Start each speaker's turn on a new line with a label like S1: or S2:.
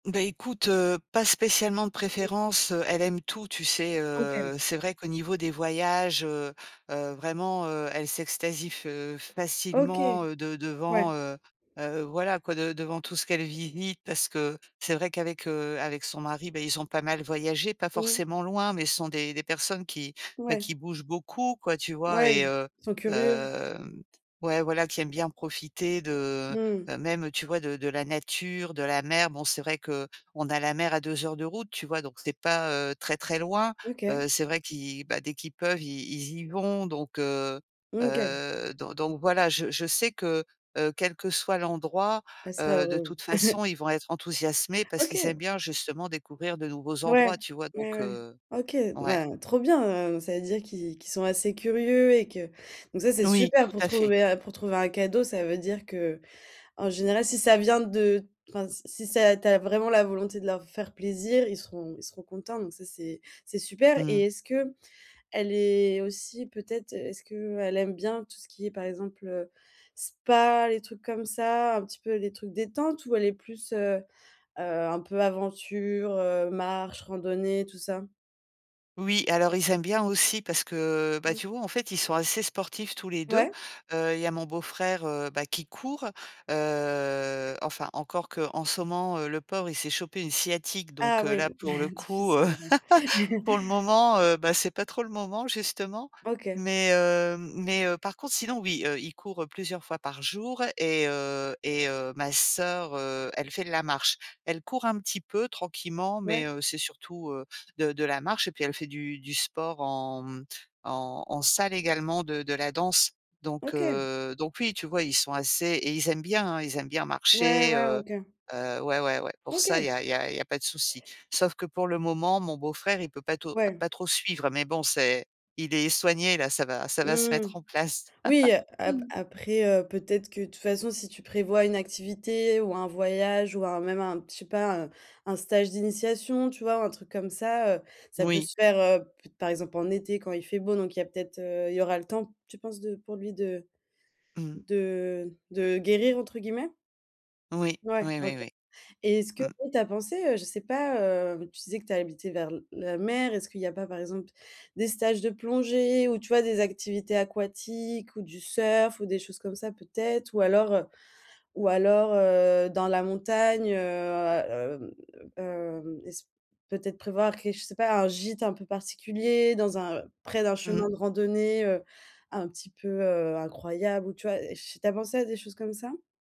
S1: Ben écoute, heu, pas spécialement de préférence, heu, elle aime tout, tu sais,
S2: OK.
S1: heu, c'est vrai qu'au niveau des voyages, heu heu, vraiment, heu, elle s'extasie f heu,
S2: OK,
S1: facilement, heu, de devant,
S2: ouais.
S1: heu heu, voilà quoi, de devant tout ce qu'elle visite. Parce que c'est vrai qu'avec, heu, avec son mari, bah, ils ont pas mal voyagé, pas
S2: Mmh
S1: forcément loin, mais ce sont des des personnes qui, bah,
S2: Ouais.
S1: qui bougent beaucoup quoi, tu vois
S2: Ouais,
S1: et heu,
S2: ils sont curieux.
S1: hem, ouais voilà, qui aiment bien profiter de,
S2: Mmh.
S1: heu, même, tu vois, de de la nature, de la mer. Bon, c'est vrai qu'on a la mer à 2 heures de route, tu vois, donc c'est pas, heu, très, très loin,
S2: OK.
S1: heu, c'est vrai qui, bah, dès qu'ils peuvent, ils ils y vont, donc heu,
S2: Mmh, OK.
S1: heu, don donc voilà, je je sais que, heu, quel que soit l'endroit,
S2: Elle serait
S1: heu, de
S2: heureuse.
S1: toute façon, ils vont être enthousiasmés parce qu'ils aiment
S2: OK.
S1: bien justement découvrir de nouveaux
S2: Ouais,
S1: endroits, tu vois?
S2: ouais,
S1: Donc
S2: ouais.
S1: heu,
S2: OK,
S1: ouais.
S2: ben trop bien, heu, ça veut dire qu'ils qu'ils sont assez curieux et que donc ça, c'est
S1: Oui,
S2: super
S1: tout
S2: pour
S1: à fait.
S2: trouver pour trouver un cadeau. Ça veut dire qu'en général, si ça vient de, enfin, si si c'est à ta tu as vraiment la volonté de leur faire plaisir, ils seront ils seront contents, donc ça, c'est c'est super
S1: Mmh.
S2: et est-ce que, elle est aussi peut-être est-ce que elle aime bien tout ce qui est, par exemple, heu, spa, les trucs comme ça, un petit peu les trucs détente où elle est plus, heu heu, un peu aventure, heu, marche, randonnée, tout ça?
S1: Oui, alors ils aiment bien aussi parce que, bah,
S2: Mmh.
S1: tu vois, en fait, ils sont assez sportifs tous les 2,
S2: Ouais.
S1: heu, il y a mon beau-frère, heu, bah qui court, heu, enfin, encore que en ce ment, le pauvre, il s'est chopé une sciatique,
S2: Ah
S1: donc heu,
S2: oui,
S1: là, pour le coup, heu,
S2: difficile,
S1: pour le
S2: oui.
S1: moment, heu, ben c'est pas trop le moment, justement,
S2: OK.
S1: mais heu, mmh mais heu, par contre, sinon oui, il court plusieurs fois par jour et heu, et heu, ma sœur, heu, elle fait de la marche. Elle court un petit peu tranquillement, mais
S2: Ouais.
S1: heu, c'est surtout, heu, de de la marche et puis elle fait du du sport en m en en salle également, de de la danse, donc
S2: OK.
S1: heu, donc oui, tu vois, ils sont assez et ils aiment bien, ils aiment bien
S2: Ouais,
S1: marcher,
S2: ouais,
S1: heu,
S2: OK.
S1: heu, ouais, ouais, ouais, pour ça, il y
S2: OK.
S1: a il y a il y a pas de souci. Sauf que pour le moment, mon beau frère, il peut pas to
S2: Ouais.
S1: pas trop suivre, mais bon, c'est il est soigné là, ça va ça va se
S2: Mmh.
S1: mettre en place.
S2: Oui, heu, ap après, heu, peut-être que de toute façon, si tu prévois une activité ou un voyage ou un même un, je sais pas, heu, un stage d'initiation, tu vois, un truc comme ça, heu, ça peut
S1: Moui.
S2: se faire, heu, peut être par exemple, en été quand il fait beau, donc il y peut-être, heu, il y aura le temps, tu penses, de pour lui de
S1: Mmh.
S2: de de «guérir» entre guillemets?
S1: Oui,
S2: Ouais,
S1: oui, oui,
S2: OK
S1: oui.
S2: et ce que
S1: Mmh.
S2: tu as pensé, je sais pas, heu, tu disais que tu as habité vers la mer, est-ce qu'il y a pas, par exemple, des stages de plongée ou tu vois, des activités aquatiques ou du surf ou des choses comme ça peut-être, ou alors, heu, ou alors, heu, dans la montagne, heu heu, mmh, heu, es peut-être prévoir ké je sais pas, un gîte un peu particulier, dans un près d'un
S1: Mmh.
S2: chemin de randonnée, heu, un petit peu, heu, incroyable, ou tu vois? Che tu as pensé à des choses comme ça?